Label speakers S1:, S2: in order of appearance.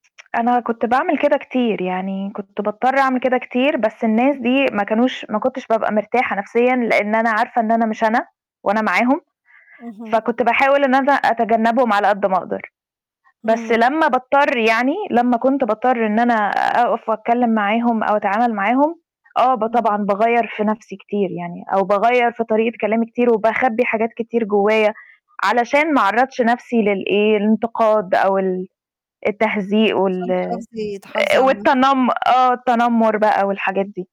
S1: أنا كنت باعمل كده كتير، يعني كنت باضطر أعمل كده كتير بس الناس دي ما كانوش ما كنتش بابقى مرتاحة نَفْسيًا لإن أنا عارفة إن أنا مش أنا، وأنا معاهم،
S2: اهم.
S1: فكنت باحاول إن أنا أتجنّبهم على قد ما أقدر، بس
S2: امم.
S1: لمّا باضطر يعني لمّا كنت باضطر إن أنا أقف وأتكلّم معاهم أو أتعامل معاهم، آه، ب
S2: اهم.
S1: طبعًا باغيّر في نَفْسي كتير يعني، أو باغيّر في طريقة كلامي كتير وباخبّي حاجات كتير جوّايا، علشان ما أعرّضش نَفْسي للإيه، الإنتقاد بقى وال التهزيق وال
S2: عشان تحافظي تحافظي
S1: آآ
S2: على الم
S1: والتنم آه، التنمّر بقى والحاجات دي.